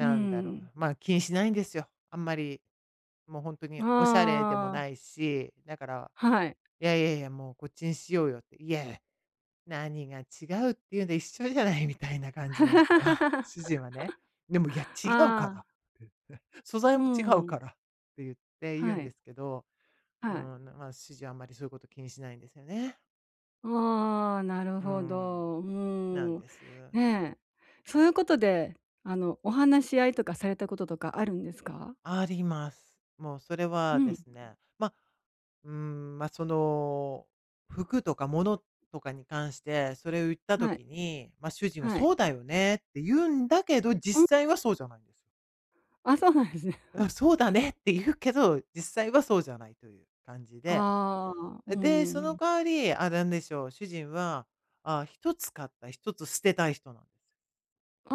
うーんだろう、ん。まあ気にしないんですよ。あんまり、もうほんとにおしゃれでもああ。ないし、だから、はい。「いやいやいや、もうこっちにしようよ」って、「いやや、何が違う」っていうんで「一緒じゃない」みたいな感じなんですよ。主 人はね。でも「いや、あ違うから」あ。って。「素材うーも違うん。から」って言って言うはんでい。すけど、うはい。ーん、まあ主人はあんまりそういうこと気にしないんですよね。ああ、なるうーほん。ど。うなんーん。です。ね、そういうことで、あのお話し合いとかされたこととかあるんですか？あります。もうそれうはでん。すね、ま、うーん、ま、その、服とか物とかに関して、それを言ったはい。時に、ま、主人ははい。「そうだよね」って言うんだけど、うん。実際はそうじゃないんですよ。あ、そうなんですね。「うん、そうだ ね」って言うけど、実際はそうじゃないという感じで。ああ、うーで、そのん。代わり、あ、なんでしょう、主人は、ああ1つ買った、1つ捨てたい人なんです。ああ、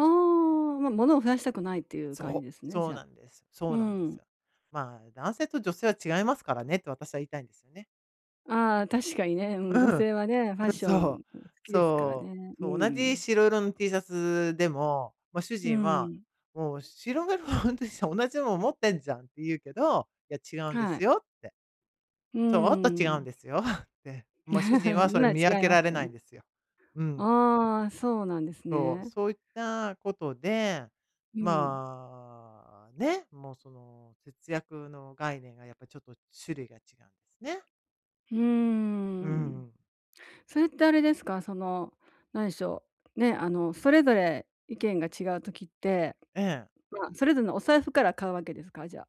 ものを増やしたくないっていう感じそう、ですね、そじうゃ。なんです、そうーうなんですん。よ。まあ、男性と女性は違いますからねって私は言いたいんですよね。ああ、確かにね、うん、う女ん。う、性はね、ファッション、そん、う好きですからそう、ね。うーそう、同じん。白色の T シャツでも、ま、主うー人は、ん。もう白 [unintelligible] とした同じもの持ってんじゃんって言うけど、「いや、違うんではい。すよ」って。うー「ちょっと違うん。んですよ」って、もう主人 はそれ今見分違いけまらすれよないね。んですよ。うん。ああ、そうなんですそう、ね。そういったことで、うん。まあね、もうその節約の概念がやっぱちょっと種類が違うんですね。うーうん。ん。それってあれですか？そのなんでしょう、ね、あのそれぞれ意見が違う時って、ええ。ま、それぞれのお財布から買うわけですか？じゃ。